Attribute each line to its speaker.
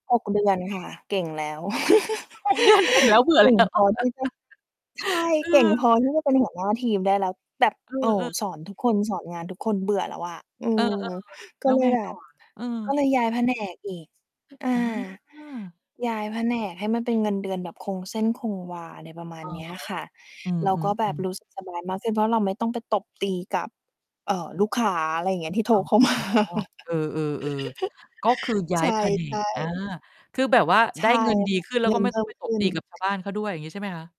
Speaker 1: 6 เดือนค่ะ เก่งแล้ว
Speaker 2: 6 เดือน เก่งแล้วเบื่อ
Speaker 1: เก
Speaker 2: แล
Speaker 1: ่ง
Speaker 2: ้ว
Speaker 1: พอที่จะ ใช่
Speaker 2: เอ
Speaker 1: เก่ง
Speaker 2: อ
Speaker 1: พอที่จะเป็นหัวหน้าทีมได้แล้ว แบบ
Speaker 2: เออ
Speaker 1: โอ้
Speaker 2: เออ
Speaker 1: สอนทุกคน สอนงานทุกคนเบื่อแล้วอะ อื
Speaker 2: เออ
Speaker 1: ม
Speaker 2: ๆ
Speaker 1: ก
Speaker 2: แล
Speaker 1: ็
Speaker 2: ้ว
Speaker 1: เล
Speaker 2: ไ
Speaker 1: ย
Speaker 2: ง
Speaker 1: แบ
Speaker 2: ต่อ
Speaker 1: บ
Speaker 2: อะ เออ
Speaker 1: ก็เลยย้าย แผนก อีก อา
Speaker 2: เออ
Speaker 1: ย้ายแผนกให้มันเป็นเงินเดือนแบบคงเส้นคงวา อะไรประมาณ
Speaker 2: อะ
Speaker 1: เนี้ย
Speaker 2: ฮะ
Speaker 1: ค่ะ
Speaker 2: อืม
Speaker 1: แล้วก็แ
Speaker 2: ๆ
Speaker 1: บ
Speaker 2: อื
Speaker 1: บ ร
Speaker 2: ม
Speaker 1: ู้สึก สบายมากขึ้น เพราะเราไม่ต้องไปตบตีกับ เอ่อ ลูกค้า อะไรอย่างเงี้ย ที่โทร
Speaker 2: อ๋อ
Speaker 1: เข้า มา
Speaker 2: เออ ๆ ๆ ก็คือย้
Speaker 1: ใ
Speaker 2: า
Speaker 1: ช
Speaker 2: ย
Speaker 1: ่
Speaker 2: แผน
Speaker 1: ใช
Speaker 2: ก
Speaker 1: ่
Speaker 2: อา คือแบบว่า
Speaker 1: ใช
Speaker 2: ได้
Speaker 1: ่
Speaker 2: เงินดี
Speaker 1: ค่ะ
Speaker 2: ขึ้นแล้
Speaker 1: เ
Speaker 2: ว
Speaker 1: งิ
Speaker 2: ก็
Speaker 1: น
Speaker 2: ไม่
Speaker 1: เพ
Speaker 2: ต
Speaker 1: ิ
Speaker 2: ้
Speaker 1: ่
Speaker 2: องไ
Speaker 1: ม
Speaker 2: ปต
Speaker 1: ข
Speaker 2: บ
Speaker 1: ึ้
Speaker 2: ต
Speaker 1: น
Speaker 2: ีกับ ชาวบ้านเขาด้วย อย่างงี้ใช่ไหมคะ?